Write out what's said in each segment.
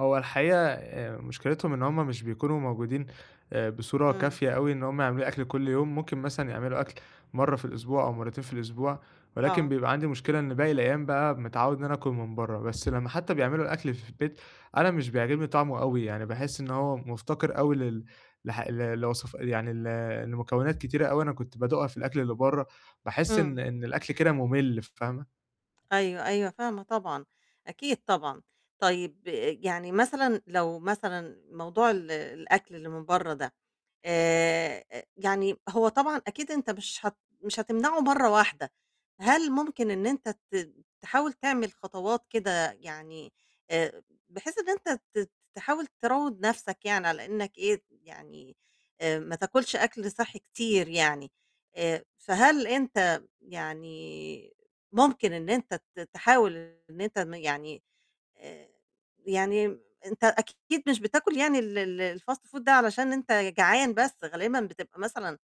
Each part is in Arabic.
هو الحقيقة، آآ مُشكِلتهُم إن هُم مش بيكونوا موجودين بصورة إمم. كافية أوي، إن هُم يعملوا لي أكل كل يوم، ممكن مثلًا يعملوا أكل مرة في الأسبوع، أو مرتين في الأسبوع، ولكن آه. بيبقى عندي مشكلة إن باقي الأيام بقى، متعود إن أنا آكل من برّه، بس لمّا حتى بيعملوا الأكل ف في البيت، أنا مش بيعجبني طعمه أوي يعني، باحس إن هو مُفتقر، أوي لل لح ل لوصف يعني ل لمكونات كتيرة، أوي أنا كنت بادوقها في الأكل اللي برّه، باحس إن إمم. إن الأكل كده مُملّ، فاهمة؟ أيوه، أيوه فاهمة طبعًا، أكيد طبعًا. طيب يعني مثلًا لو مثلًا موضوع ال الأكل الى من برّه ده آآ، يعني هو طبعًا، أكيد أنت مش هت مش هتمنعه مرّة واحدة، هل مُمكن إن أنت ت تحاول تعمل خطوات كده يعني آآ بحيث إن أنت تت تحاول تروّض نفسَك يعني، آآ على إنك إيه يعني، ما تاكُلش أكل صحي كتير يعني آآ فهل أنت يعني ممكن إن أنت ت تحاول إن أنت يعني، آآ يعني أنت أكيد مش بتاكل يعني ال ال الfast food ده علشان أنت جعان بس غالبا بتبقى مثلًا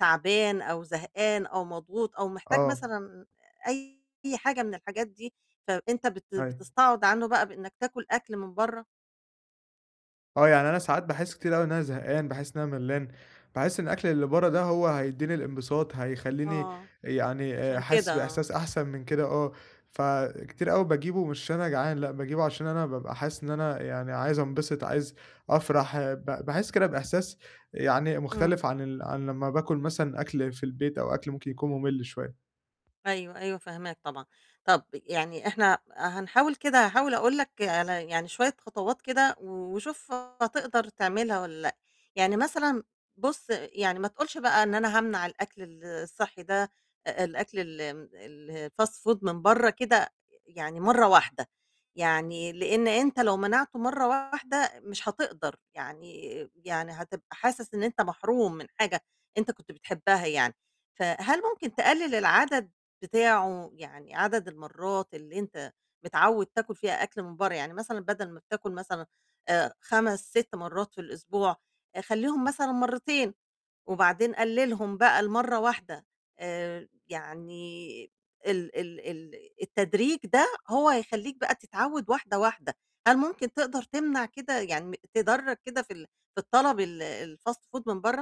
تعبان أو زهقان أو مضغوط أو محتاج آه. مثلًا أي حاجة من الحاجات دي فأنت بت أيوه. بتستعوض عنه بقى بإنك تاكل أكل من برّه؟ آه، يعني أنا ساعات باحسّ كتير اوي إن أنا زهقان، باحسّ إن أنا ملّان، باحس إن الأكل اللي برّه ده هو هيدّيني الإنبساط، هيخلّيني آه، يعني عشان حاسسّ كده. آه. بإحساس أحسن من كده، آه، فكتير أوي باجيبُه، مش عشان أنا جعان، لأ، باجيبُه عشان أنا بابقى حاسسّ إن أنا يعني عايز أنبسط، عايز أفرح، ب باحسّ كده بإحساس يعني إمم. مُختلف عن ال عن لمّا باكل مثلًا أكل في البيت، أو أكل ممكن يكون مُملّ شوية. أيوه، أيوه فهماك طبعًا. طَب يعني إحنا هنحاول كده هاحاول أقول لَك على يعني شوية خطوات كده و وشوف هتقدر تعملها والّا لأ، يعني مثلًا بُص يعني ما تقولش بقى إن أنا هامنع الأكل ال الصحي ده الأكل ال م الfast food من برّه كده يعني مرّة واحدة. يعني، لأن أنت لو منعتُه مرّة واحدة مش هتقدر يعني يعني هتبقى حاسسّ إن أنت محروم من حاجة أنت كنت بتحِبها يعني فهل ممكن تقلِّل العدد بتاعه، يعني عدد المرات اللي أنت متعود تاكل فيها أكل من برّه، يعني مثلًا بدل ما بتاكل مثلًا آآ 5، 6 مرات في الأسبوع خلّيهم مثلًا مرتين وبعدين قلِّلهم بقى لمرّة واحدة آآ يعني ال ال ال التدريج ده هو هيخلّيك بقى تتعود واحدة، واحدة. هل ممكن تقدر تمنع كده يعني تدّرج كده في ال في الطلب ال الfast food من برّه؟